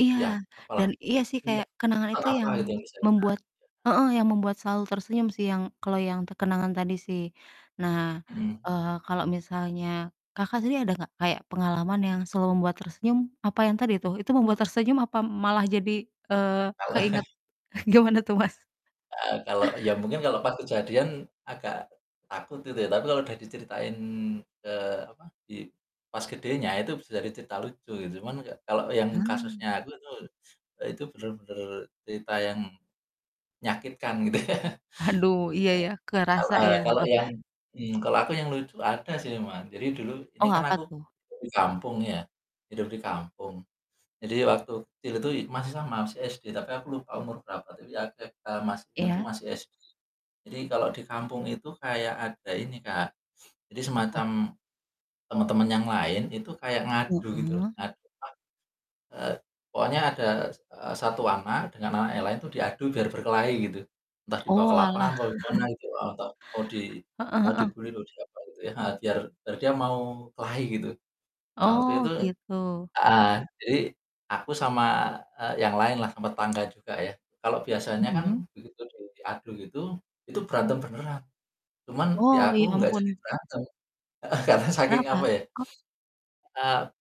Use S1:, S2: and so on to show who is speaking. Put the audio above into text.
S1: Iya,
S2: Ya, apalah,
S1: dan iya sih
S2: nda
S1: kayak kenangan
S2: pesan
S1: itu
S2: apa
S1: yang
S2: gitu yang bisa kita kerjakan.
S1: membuat, heeh, yang membuat selalu tersenyum sih, yang kalo yang te kenangan tadi sih. Nah,
S2: Mhm.
S1: eee kalo misalnya, Kakak sendiri ada gak kayak pengalaman yang selalu membuat tersenyum, apa yang tadi tuh? Itu membuat tersenyum apa malah jadi eee,
S2: Taulah.
S1: keinget gimana tuh, Mas?
S2: Eee kalau, ya mungkin kalau pas kejadian agak takut gitu ya, tapi kalau udah diceritain, eee, apa di pas gedenya itu bisa jadi cerita lucu gitu. Cuman ka kalau yang
S1: Ha.
S2: kasusnya aku itu, eee, itu bener-bener cerita yang menyakitkan gitu ya.
S1: Aduh iya
S2: Eee,
S1: ya,
S2: kalau
S1: kerasa ya,
S2: eee, kalau
S1: heeh.
S2: yang, mmm, kalau aku yang lucu ada sih memang. Jadi, dulu ini
S1: Oh,
S2: kan
S1: apa
S2: aku
S1: tuh?
S2: hidup di kampung ya, hidup di kampung. Jadi waktu kecil itu i masih sama, masih SD tapi aku lupa umur berapa, tapi [unintelligible] masih ingat tuh
S1: Iya.
S2: masih SD. Jadi kalau di kampung itu kayak ada ini Kak, jadi
S1: Apa?
S2: semacam temen-temen yang lain itu kayak ngadu gitu loh,
S1: Heeh.
S2: ngadu apa, eee pokoknya ada s eee, satu anak dengan anak yang lain itu diadu biar berkelahi gitu, entah dibawa ke lapangan,
S1: Oalah.
S2: mau di mana, gitu atau mau di
S1: Heeh
S2: mau
S1: heeh.
S2: di-bully atau diapa gitu ya, heeh, biar biar dia mau kelahi gitu. Nah waktu
S1: Oh
S2: itu,
S1: gitu.
S2: eee, jadi aku sama e yang lainlah, sama tetangga juga, ya. Kalau biasanya kan
S1: Mhm.
S2: begitu du sudah diadu gitu, itu berantem beneran, cuman di
S1: Oh
S2: aku
S1: ya
S2: nggak jadi
S1: ampun.
S2: berantem, ah hah karena saking apa
S1: Kenapa?
S2: ya,
S1: Kok?
S2: eee.